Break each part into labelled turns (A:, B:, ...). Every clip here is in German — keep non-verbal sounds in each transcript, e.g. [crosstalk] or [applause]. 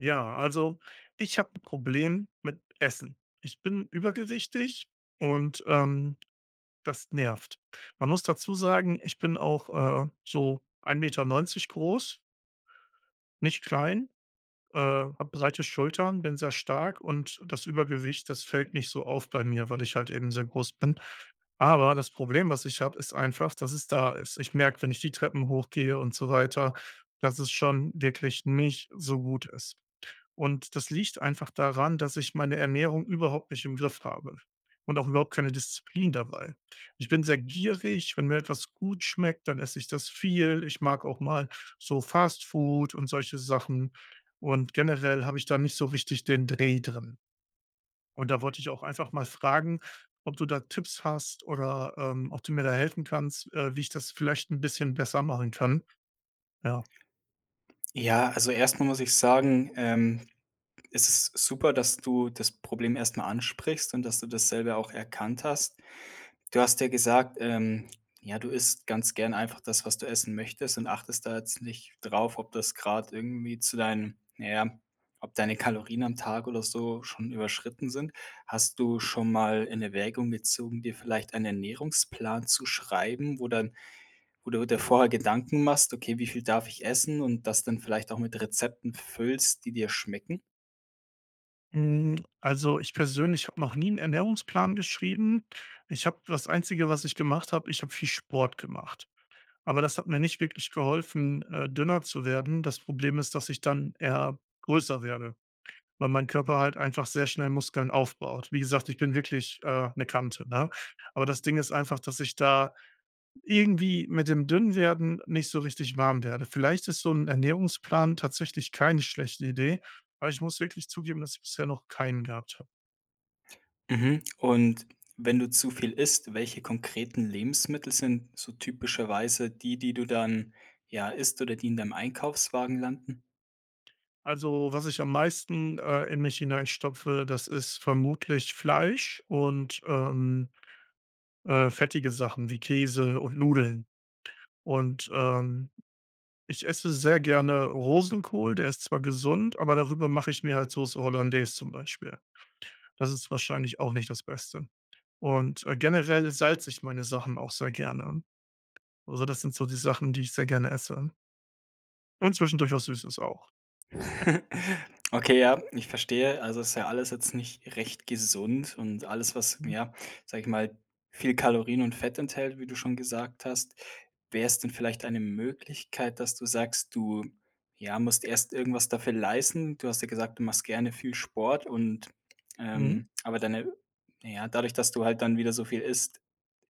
A: Ja, also ich hab 'n Problem mit Essen. Ich bin übergewichtig und ähm, das nervt. Man muss dazu sagen, ich bin auch äh, so ein 1,90 m groß. Nicht klein, äh, hab breite Schultern, bin sehr stark und das Übergewicht, das fällt nicht so auf bei mir, weil ich halt eben sehr groß bin. Aber das Problem, was ich hab, ist einfach, dass es da ist. Ich merk, wenn ich die Treppen hochgehe und so weiter, dass es schon wirklich nicht so gut ist und das liegt einfach daran, dass ich meine Ernährung überhaupt nicht im Griff habe und auch überhaupt keine Disziplin dabei. Ich bin sehr gierig, wenn mir etwas gut schmeckt, dann esse ich das viel. Ich mag auch mal so Fast Food und solche Sachen und generell habe ich da nicht so wichtig den Dreh drin. Und da wollte ich auch einfach mal fragen, ob du da Tipps hast oder, ähm, ob du mir da helfen kannst, äh, wie ich das vielleicht ein bisschen besser machen kann. Ja.
B: Ja, also erst mal muss ich sagen, ähm ist es super, dass du das Problem erst mal ansprichst und, dass du das selber auch erkannt hast Du hast ja gesagt, ähm, ja, du isst ganz gern einfach das, was du essen möchtest und achtest da jetzt nicht drauf, ob das grad irgendwie zu deinen na ja, ob deine Kalorien am Tag oder so schon überschritten sind. Hast du schon mal in Erwägung gezogen, dir vielleicht einen Ernährungsplan zu schreiben, wo dann wo du dir vorher Gedanken machst: „Okay, wie viel darf ich essen“ und das dann vielleicht auch mit Rezepten füllst, die dir schmecken?
A: Mhm, also, ich persönlich hab noch nie 'n Ernährungsplan geschrieben. Ich hab das Einzige, was ich gemacht hab ich hab viel Sport gemacht. Aber das hat mir nicht wirklich geholfen, äh, dünner zu werden. Das Problem ist, dass ich dann eher größer werde, weil mein Körper halt einfach sehr schnell Muskeln aufbaut. Wie gesagt, ich bin wirklich äh, 'ne Kante, ne? Aber das Ding ist einfach, dass ich da irgendwie mit dem dünn werden nicht so richtig warm werde. Vielleicht ist so 'n Ernährungsplan tatsächlich keine schlechte Idee, weil ich muss wirklich zugeben, dass ich bisher noch keinen gehabt hab.
B: Mhm, [smacks lips] und, wenn du zu viel isst, welche konkreten Lebensmittel sind so typischerweise die, die du dann, ja, isst oder die in deinem Einkaufswagen landen?
A: Also, was ich am meisten äh, in mich hinein stopfe, das ist vermutlich Fleisch und ähm, äh, fettige Sachen wie Käse und Nudeln. Und ähm, ich esse sehr gerne Rosenkohl, der ist zwar gesund, aber darüber mache ich mir halt Soße Hollandaise zum Beispiel. Das ist wahrscheinlich auch nicht das Beste und äh, generell salze ich meine Sachen auch sehr gerne. Also das sind so die Sachen, die ich sehr gerne esse. Und zwischendurch was Süßes auch. [laughs]
B: [laughs] Okay, ja, ich verstehe. Also, das ist ja alles jetzt nicht recht gesund und alles, was ja, sag ich mal, viel Kalorien und Fett enthält, wie du schon gesagt hast. Wäre es denn vielleicht eine Möglichkeit, dass du sagst, du, ja musst erst irgendwas dafür leisten. Du hast ja gesagt, du machst gerne viel Sport und
A: Mhm.
B: ähm aber deine na ja, dadurch, dass du halt dann wieder so viel isst,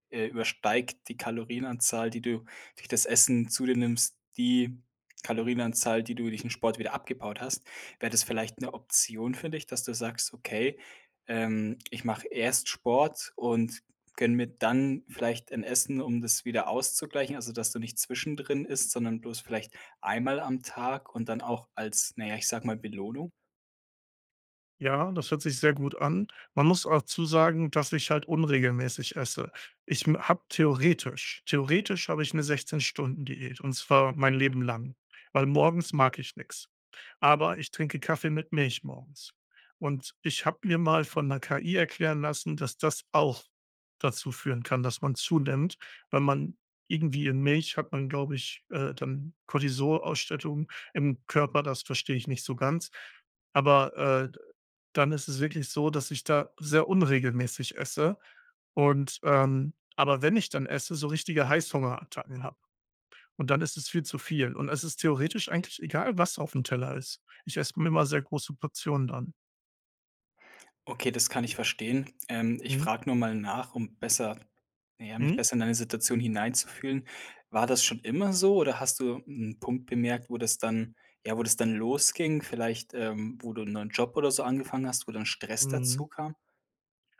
B: äh, übersteigt die Kalorienanzahl, die du durch das Essen zu dir nimmst, die Kalorienanzahl, die du durch den Sport wieder abgebaut hast. Wäre das vielleicht 'ne Option für dich, dass du sagst: „Okay, ähm, ich mache erst Sport und gönne mir dann vielleicht ein Essen, um das wieder auszugleichen.“ Also, dass du nicht zwischendrin isst, sondern bloß, vielleicht 1 Mal am Tag und dann auch als na ja, ich sag mal, Belohnung?
A: Ja, das hört sich sehr gut an. Man muss dazu sagen, dass ich halt unregelmäßig esse. Ich mm, hab theoretisch theoretisch habe ich 'ne 16-Stunden-Diät und zwar mein Leben lang weil morgens mag ich nix. Aber ich trinke Kaffee mit Milch morgens und ich hab mir mal von 'ner KI erklären lassen, dass das auch dazu führen kann, dass man zunimmt, weil man irgendwie in Milch hat man glaube ich, äh, dann Cortisolausschüttung im Körper, das verstehe ich nicht so ganz. Aber äh, d dann ist es wirklich so, dass ich da sehr unregelmäßig esse und ähm aber wenn ich dann esse, so richtige Heißhungerattacken hab und dann ist es viel zu viel und es ist theoretisch eigentlich egal, was aufm Teller ist. Ich esse immer sehr große Portionen dann.
B: Okay, das kann ich verstehen. Ähm, ich
A: Mhm.
B: frag nur mal nach, um besser na ja, mich
A: Mhm.
B: besser in deine Situation hineinzufühlen. War das schon immer so oder hast du 'n Punkt bemerkt, wo das dann ja, wo das dann losging. Vielleicht ähm, wo du 'n neuen Job oder so angefangen hast, wo dann Stress
A: Mhm.
B: dazukam?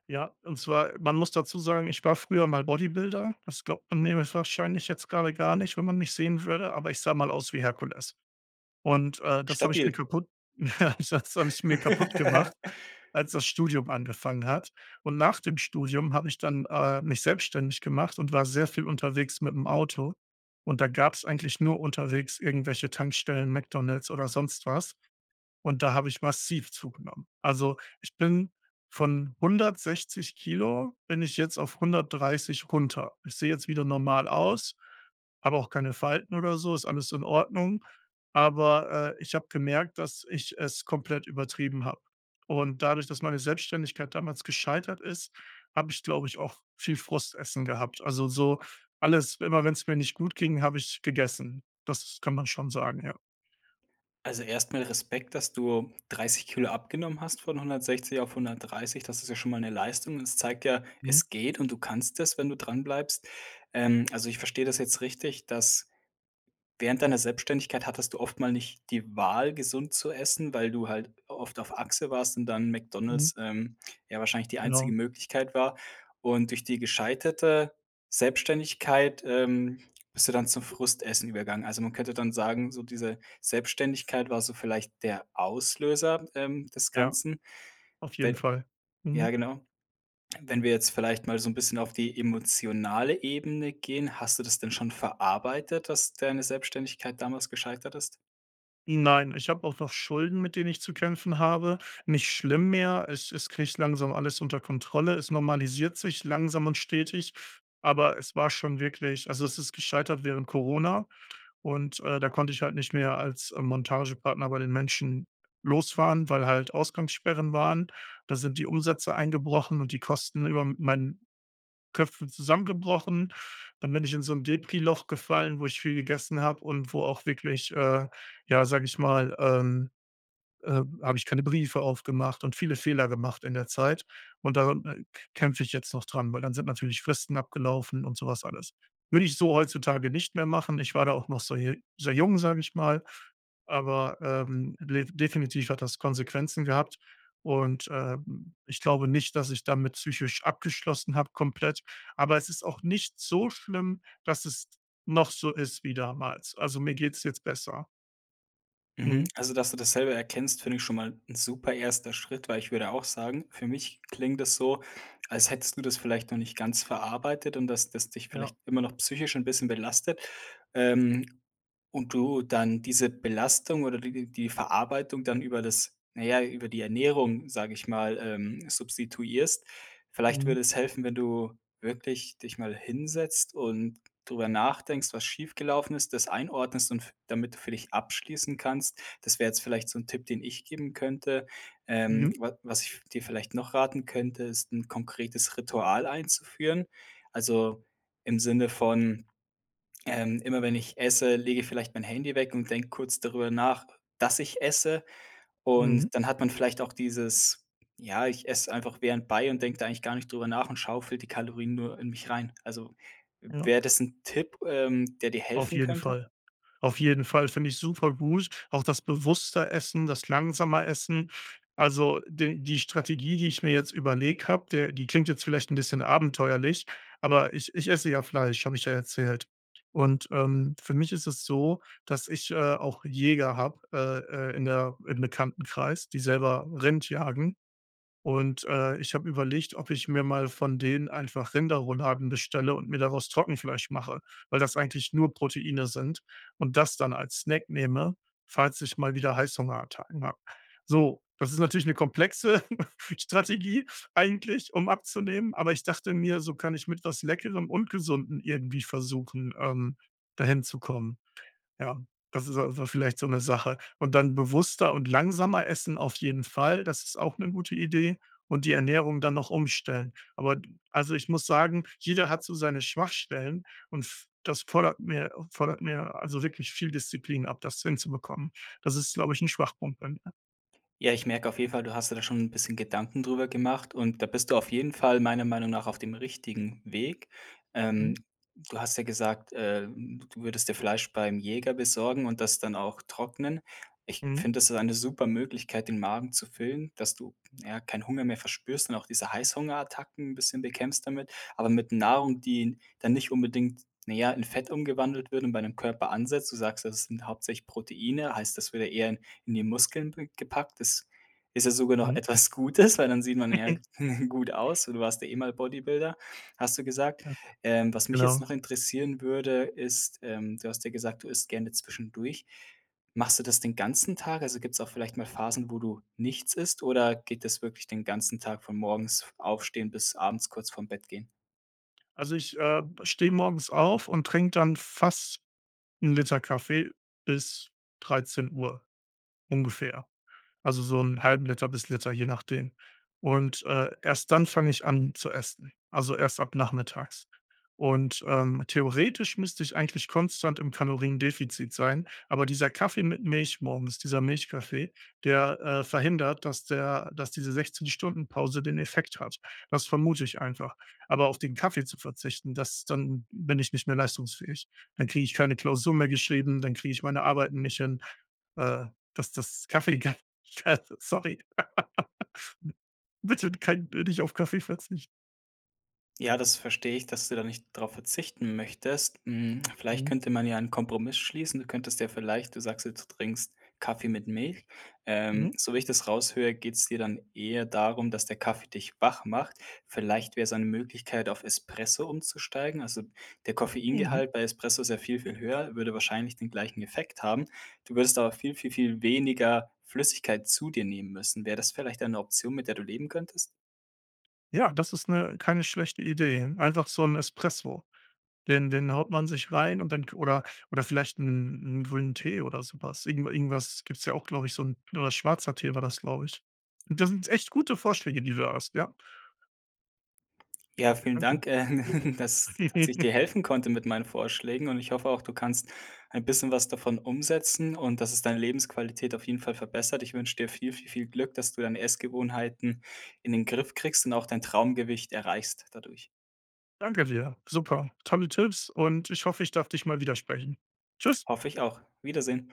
A: Ja, und zwar man muss dazu sagen: ich war früher mal Bodybuilder. Das glaubt man mir wahrscheinlich jetzt gerade gar nicht, wenn man mich sehen würde, aber ich sah mal aus wie Herkules. Und äh, das habe ich mir
B: Stabil.
A: kaputt [laughs] das habe ich mir kaputt gemacht,
B: [laughs]
A: als das Studium angefangen hat und nach dem Studium habe ich dann äh, mich selbstständig gemacht und war sehr viel unterwegs mit dem Auto und da gab's eigentlich nur unterwegs irgendwelche Tankstellen, McDonald's oder sonst was. Und da habe ich massiv zugenommen. Also, ich bin von 160 Kilogramm bin ich jetzt auf 130 runter. Ich sehe jetzt wieder normal aus, hab auch keine Falten oder so, ist alles in Ordnung. Aber äh, ich habe gemerkt, dass ich es komplett übertrieben hab. Und dadurch, dass meine Selbstständigkeit damals gescheitert ist, habe ich, glaube ich, auch viel Frustessen gehabt. Also, so alles immer wenn's mir nicht gut ging, habe ich gegessen. Das kann man schon sagen, ja.
B: Also erst mal Respekt, dass du 30 Kilogramm abgenommen hast von 160 auf 130. Das ist ja schon mal 'ne Leistung. Das zeigt ja,
A: Mhm.
B: es geht und du kannst es, wenn du dran bleibst. Ähm, also, ich verstehe das jetzt richtig, dass während deiner Selbstständigkeit hattest du oft mal nicht die Wahl, gesund zu essen, weil du halt oft auf Achse warst und dann
A: Mhm.
B: McDonald's, ähm, ja wahrscheinlich die einzige
A: Genau.
B: Möglichkeit war und durch die gescheiterte Selbstständigkeit, ähm, bist du dann zum Frustessen übergegangen. Also, man könnte dann sagen, so diese Selbstständigkeit war so vielleicht der Auslöser ähm, des
A: Ja.
B: Ganzen.
A: Auf jeden
B: D
A: Fall.
B: Ja
A: Mhm.
B: genau. Wenn wir jetzt vielleicht mal so 'n bisschen auf die emotionale Ebene gehen. Hast du das denn schon verarbeitet, dass deine Selbstständigkeit damals gescheitert ist?
A: Nein, ich hab auch noch Schulden, mit denen ich zu kämpfen habe. Nicht schlimm mehr Es es krieg ich langsam alles unter Kontrolle. Es normalisiert sich langsam und stetig, aber es war schon wirklich also es ist gescheitert während Corona und äh, da konnte ich halt nicht mehr als äh Montagepartner bei den Menschen losfahren, weil halt Ausgangssperren waren. Da sind die Umsätze eingebrochen und die Kosten über m meinen Köpfen zusammengebrochen. Dann bin ich in so 'n Depri-Loch gefallen, wo ich viel gegessen hab und wo auch wirklich äh, ja, sage ich mal ähm, äh habe ich keine Briefe aufgemacht und viele Fehler gemacht in der Zeit. Und daran k kämpfe ich jetzt noch dran, weil dann sind natürlich Fristen abgelaufen und so was alles. Würde ich so heutzutage nicht mehr machen. Ich war da auch noch so sehr jung, sage ich mal, aber ähm, def definitiv hat das Konsequenzen gehabt und ähm, ich glaube nicht, dass ich damit psychisch abgeschlossen hab, komplett, aber es ist auch nicht so schlimm, dass es noch so ist wie damals. Also mir geht's jetzt besser.
B: Mhm,
A: Mhm.
B: also, dass du das selber erkennst, finde ich schon mal ein super erster Schritt weil, ich würde auch sagen, für mich klingt das so, als hättest du das vielleicht noch nicht ganz verarbeitet und, dass das dich
A: Ja.
B: vielleicht immer noch psychisch 'n bisschen belastet, ähm, und du dann diese Belastung oder die die Verarbeitung dann über das na ja, über die Ernährung, sage ich mal, ähm, substituierst. Vielleicht
A: Mhm.
B: würde es helfen, wenn du wirklich dich mal hinsetzt und darüber nachdenkst, was schiefgelaufen ist, das einordnest und f damit du für dich abschließen kannst. Das wäre jetzt vielleicht so'n Tipp, den ich geben könnte. Ähm,
A: Mhm.
B: wa was ich dir vielleicht noch raten könnte, ist 'n konkretes Ritual einzuführen. Also, im Sinne von: „Ähm, immer wenn ich esse, lege ich vielleicht mein Handy weg und denk kurz darüber nach, dass ich esse“
A: Mhm.
B: und dann hat man vielleicht auch dieses: „Ja ich esse einfach während bei und denke da eigentlich gar nicht drüber nach und schaufel die Kalorien nur in mich rein.“ Also
A: Ja.
B: wär das 'n Tipp ähm, der dir
A: Auf
B: helfen
A: jeden
B: könnte?
A: Fall. Auf jeden Fall, finde ich super gut, auch das bewusste Essen, das langsame Essen. Also d die Strategie, die ich mir jetzt überlegt hab, der die klingt jetzt vielleicht 'n bisschen abenteuerlich, aber ich ich esse ja Fleisch, hab ich ja erzählt und ähm, für mich ist es so, dass ich äh, auch Jäger hab, äh, äh, in der im Bekanntenkreis, die selber Rind jagen und äh, ich hab überlegt, ob ich mir mal von denen einfach Rinderrouladen bestelle und mir daraus Trockenfleisch mache, weil das eigentlich nur Proteine sind und das dann als Snack nehme, falls ich mal wieder Heißhungerattacken hab. So, das ist natürlich eine komplexe Strategie eigentlich, um abzunehmen, aber ich dachte mir, so kann ich mit was Leckerem und Gesunden irgendwie versuchen, ähm, dahin zu kommen. Ja, das ist vielleicht so 'ne Sache. Und dann bewusster und langsamer Essen auf jeden Fall, das ist auch eine gute Idee und die Ernährung dann noch umstellen. Aber also ich muss sagen, jeder hat so seine Schwachstellen und f das fordert mir fordert mir, also wirklich viel Disziplin ab, das hinzubekommen. Das ist, glaube ich, 'n Schwachpunkt bei mir.
B: Ja, ich merke auf jeden Fall: Du hast dir da schon 'n bisschen Gedanken drüber gemacht und da bist du auf jeden Fall meiner Meinung nach auf dem richtigen Weg. Ähm,
A: Mhm.
B: du hast ja gesagt äh, d du würdest dir Fleisch beim Jäger besorgen und das dann auch trocknen. Ich
A: Mhm.
B: finde, das ist eine supere Möglichkeit, den Magen zu füllen dass du, ja, keinen Hunger mehr verspürst und auch diese Heißhungerattacken 'n bisschen bekämpfst damit. Aber mit Nahrung, die n dann nicht unbedingt, naja, in Fett umgewandelt wird und bei dem Körper ansetzt. du sagst, das sind hauptsächlich Proteine, heißt das würde eher in die Muskeln w gepackt. Das ist ja sogar noch
A: Mhm.
B: etwas Gutes, [chuckles] weil dann sieht man ja
A: [chuckles]
B: [laughs] gut aus und du warst ja eh mal Bodybuilder, hast du gesagt.
A: Mhm,
B: Ähm, was mich jetzt
A: genau.
B: noch interessieren würde, ist ähm, du hast ja gesagt, du isst gerne zwischendurch. Machst du das den ganzen Tag? Also gibt's auch vielleicht mal Phasen, wo du nichts isst oder geht das wirklich den ganzen Tag von morgens aufstehen bis abends kurz vorm Bett gehen?
A: Also ich äh, steh morgens auf und trink dann fast 1L Kaffee bis 13:00 ungefähr. Also so 0,5L bis Liter, je nachdem. Und äh, erst dann fange ich an zu essen, also erst ab nachmittags und ähm, theoretisch müsste ich eigentlich konstant im Kaloriendefizit sein, aber dieser Kaffee mit Milch morgens- dieser Milchkaffee- der äh, verhindert, dass der dass diese 16 Stunden Pause den Effekt hat. Das vermute ich einfach. Aber auf den Kaffee zu verzichten, das dann bin ich nicht mehr leistungsfähig. Dann kriege ich keine Klausur mehr geschrieben, dann kriege ich meine Arbeiten nicht hin äh, dass dass Kaffee Sorry [laughs] Bitte kein nich auf Kaffee verzichten.
B: Ja, das verstehe ich, dass du da nicht drauf verzichten möchtest. Mm, [clicks tongue] vielleicht
A: Mhm.
B: könnte man ja einen Kompromiss schließen. Du könntest dir vielleicht du sagst jetzt, du trinkst Kaffee mit Milch. Ähm,
A: Mhm.
B: so wie ich das raushöre, geht's dir dann eher darum, dass der Kaffee dich wach macht. Vielleicht wäre es eine Möglichkeit, auf Espresso umzusteigen? Also, der
A: Mhm.
B: Koffeingehalt bei Espresso ist ja viel, viel höher, würde wahrscheinlich den gleichen Effekt haben, du würdest aber viel, viel, viel weniger Flüssigkeit zu dir nehmen müssen. Wär das vielleicht eine Option, mit der du leben könntest?
A: Ja, das ist 'ne keine schlechte Idee. Einfach so'n Espresso. Den den haut man sich rein und dann oder oder vielleicht 'n 'n grünen Tee oder so was. Irgend irgendwas gibt's ja auch, glaub ich so'n oder schwarzer Tee war das, glaub ich. Das sind echt gute Vorschläge, die du da hast, ja.
B: Ja, vielen
A: Danke.
B: Dank äh, [laughs] dass ich
A: [laughs]
B: dir helfen konnte mit meinen Vorschlägen und ich hoffe auch, du kannst ein bisschen was davon umsetzen und, dass es deine Lebensqualität auf jeden Fall verbessert. Ich wünsch dir viel, viel, viel Glück, dass du deine Essgewohnheiten in den Griff kriegst und auch dein Traumgewicht erreichst, dadurch.
A: Danke dir. Super. Tolle Tipps und ich hoffe, ich darf dich mal widersprechen. Tschüss.
B: Hoffe ich auch. Wiedersehen.